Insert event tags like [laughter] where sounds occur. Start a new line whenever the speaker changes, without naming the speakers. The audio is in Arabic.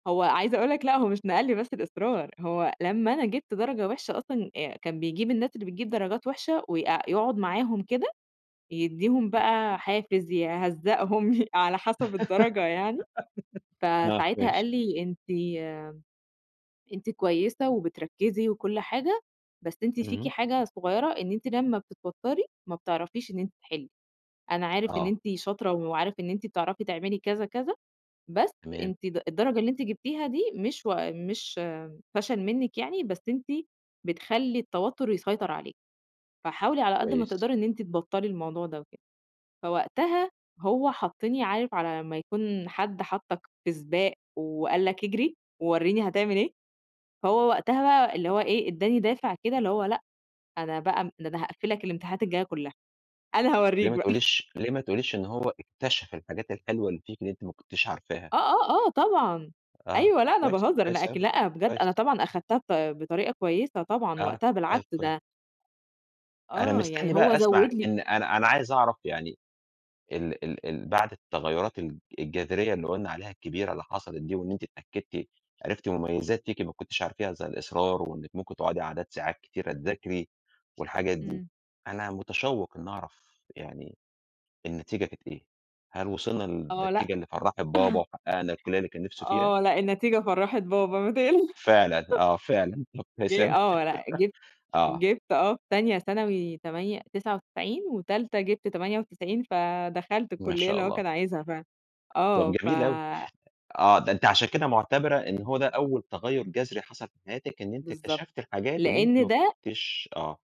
هو عايزة أقول لك لأ، هو مش نقل لي بس الإصرار هو لمّا أنا جيبت درجة وحشة أصلًا، آآ، كان بيجيب الناس اللي بتجيب درجات وحشة ويق يقعد معاهم كده يدّيهم
[unintelligible]
بقى حافز، يهزقهم، يه على حسب الدرجة يعني،
[giggles] آه،
فساعتها
ماشي.
قال لي: "أنتِ أنتِ كويسة وبتركزي وكل حاجة، بس أنتِ فيكِ
إمم.
حاجة صغيرة إن أنتِ لمّا بتتوتري ما بتعرفيش إن أنتِ تحِلّي. أنا عارف إن
آه.
أنتِ شاطرة وعارف إن أنتِ بتعرفي تعملي كذا، كذا، بس
تمام.
أنتِ د الدرجة اللي أنتِ جبتيها دي مش و مش فشل منِك يعني بس أنتِ بتخلّي التوتر يسيطر عليكِ، فحاولي على قد ما
كويس.
تقدري إن أنتِ تبطلّي الموضوع ده وكده." فوقتها هو حَطني عارف، على ما يكون حد حَطك في سباق وقال لك اجري ووريني هتعمل إيه؟ هو وقتها بقى اللي هو إيه، إداني دافع كده اللي هو لأ، أنا بقى ده أنا هاقفل لك الامتحانات الجاية كلها، أنا
ليه
هاوريك
ما
بقى. [chuckles]
تقوليش ليه ما تقوليش إن هو اكتشف الحاجات الحلوة اللي فيكِ، اللي أنتِ ما كنتيش عارفاها؟
آه، آه، آه طبعًا،
آه،
أيوه
طب
لا، أنا
كويس.
باهزر، أنا
كويس
أك
أوي،
لأ، بجد أنا
كويس.
طبعًا اخدتها بط بطريقة كويسة طبعًا
آه،
وقتها،
طيب
بالعكس
كويس.
ده
أنا
آه،
مستني
يعني
بقى
هو
اسمع
زود لي
إن أنا أنا عايز أعرف يعني ال ال ال بعد التغيرات ال الجذرية اللي قُلنا عليها الكبيرة اللي حصلت دي، وإن أنت اتأكدتِ عرفتِ مميزات فيكِ ما كنتش عارفاها زي الإصرار وإنك ممكن تقعدي عدد ساعات كتيرة تذاكري والحاجات دي،
إمم.
أنا مُتشوق إني أعرف يعني النتيجة كانت إيه؟ هل وصلنا
آه، لأ.
للنتيجة اللي فرَّحت بابا،
[chuckles]
وحققنا الكلية اللي كان نفسه فيها؟
آه، لأ، النتيجة فرَّحت بابا، ما تق
فعلًا آه، فعلًا، طب كويس
جه
أوي.
آه، لأ، جِبت
[chuckles] آه.
جِبت آه، في تانية ثانوي تمانية تسعة وتسعين، وتالتة جِبت 98، فدخلت
ما
الكلية
شاء
اللي هو
الله.
كان عايزها فعلًا،
طَب
آه، ف
جميل أوي،
أ
آه، ده أنتِ عشان كده مُعتبرة إن هو ده أول تغير جذري حصل في حياتِك، إن أنتِ
بالضبط،
اكتشفتِ الحاجات اللي أنتِ
لأن
ما
ده
كنتيش آه.